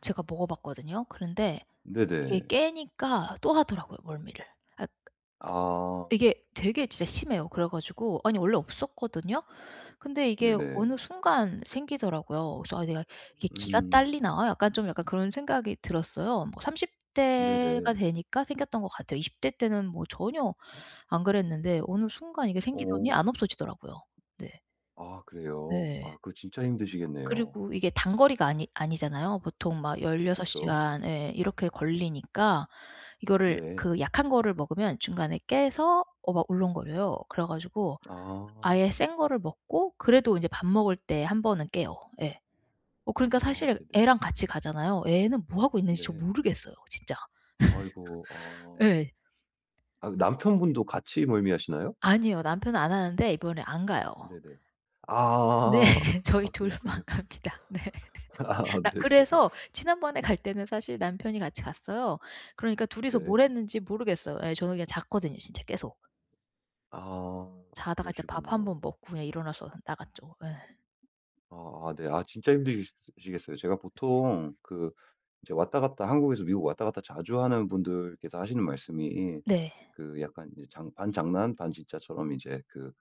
제가 먹어 봤거든요. 그런데 이게 네네. 깨니까 또 하더라고요, 멀미를. 아 아. 이게 되게 진짜 심해요. 그래 가지고 아니 원래 없었거든요. 근데 이게 네네. 어느 순간 생기더라고요. 그래서 '아 내가 이게 기가 음. 딸리나?' 약간 좀 약간 그런 생각이 들었어요. 뭐 30 대가 네네. 되니까 생겼던 것 같아요. 20 대 때는 뭐 전혀 안 그랬는데 어느 순간 이게 생기더니 안 어. 없어지더라고요. 네. 아. 그래요? 아 네. 그거 진짜 힘드시겠네요. 그리고 이게 단거리가 아니 아니잖아요. 보통 막 16 그쵸. 시간 예 이렇게 걸리니까 이거를 네. 그 약한 거를 먹으면 중간에 깨서 어 막 울렁거려요. 그래 가지고 아. 아예 센 거를 먹고 그래도 인제 밥 먹을 때 1 번은 깨요. 예. 어 그러니까 아. 사실 네네. 애랑 같이 가잖아요. 애는 뭐 하고 있는지 저 네. 모르겠어요 진짜. 아이고. 아. 예. 아 그 남편분도 같이 멀미하시나요? 아니요. 남편은 안 하는데 이번에 안 가요. 네네. 네. 아. 저희 아 둘만 그렇군요. 갑니다. 네. 아. 나 네네네. 그래서 지난번에 갈 때는 사실 남편이 같이 갔어요. 그러니까 둘이서 뭘 네. 했는지 모르겠어요. 예. 저는 그냥 잤거든요 진짜 계속. 아. 아 자다가 진짜 밥 1 번 그러시군요. 먹고 그냥 일어나서 나갔죠. 예. 아 아. 네. 아. 진짜 힘드시 시겠어요. 제가 보통 그 이제 왔다 갔다 한국에서 미국 왔다 갔다 자주 하는 분들께서 하시는 말씀이 네. 그 약간 이제 장 반장난 반진짜처럼 이제 그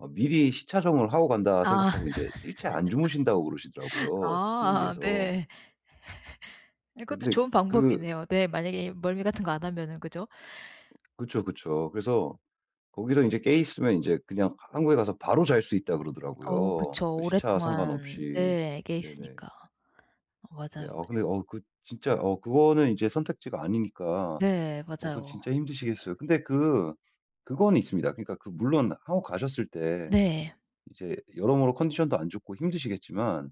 어 미리 시차 적응을 하고 간다 아. 생각하고 인제 일체 안 주무신다고 아 그러시더라고요, 저 아 비행기에서. 네. 네 그것도 근데 좋은 그 방법이네요. 네. 만약에 멀미 같은 거 안 하면은 그죠? 그쵸, 그쵸. 그래서 거기서 인제 깨 있으면 인제 그냥 하 한국에 가서 바로 잘 수 있다 어. 그러더라고요. 그 그쵸. 시차 오랫동안 상관없이. 네 깨 네네. 있으니까. 어. 네. 맞아요. 어. 근데 어 그 진짜 어 그거는 인제 선택지가 아니니까 네. 어 그건 맞아요. 진짜 힘드시겠어요. 근데 그 그거는 있습니다. 그니까 그 물론 한국 가셨을 때 네. 이제 여러모로 컨디션도 안 좋고 힘드시겠지만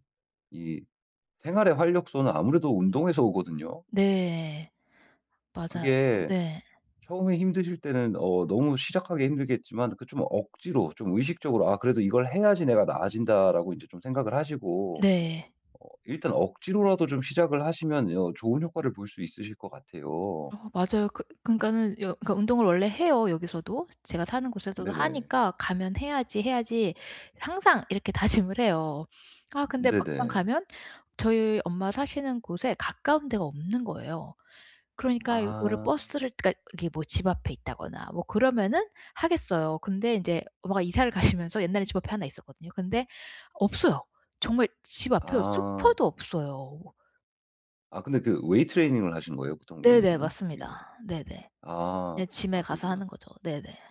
이 생활의 활력소는 아무래도 운동에서 오거든요. 네. 맞아요. 그게 네. 처음에 힘드실 때는 어 너무 시작하기 힘들겠지만 그 좀 억지로 좀 의식적으로 '아 그래도 이걸 해야지 내가 나아진다.'라고 이제 좀 생각을 하시고 네. 어 일단 억지로라도 좀 시작을 하시면 어 좋은 효과를 볼 수 있으실 것 같아요. 어. 맞아요. 그 그니까는 여 그니까 운동을 원래 해요, 여기서도. 제가 사는 곳에서도 네네. 하니까 '가면 해야지, 해야지.' 항상 이렇게 다짐을 해요. 아 근데 막상 네네. 가면 저희 엄마 사시는 곳에 가까운 데가 없는 거예요. 그러니까 이거를 아. 버스를 그니까 이게 뭐 집 앞에 있다거나 뭐 그러면은 하겠어요. 근데 인제 엄마가 이사를 가시면서 옛날에 집 앞에 하나 있었거든요. 근데 없어요. 정말 집 앞에요 아. 슈퍼도 없어요. 아 근데 그 weight training을 하신 거예요, 보통 네네. 여기서는? 미국에서? 맞습니다. 네네. 아. 네. gym에 아 가서 그러시구나. 하는 거죠. 네네.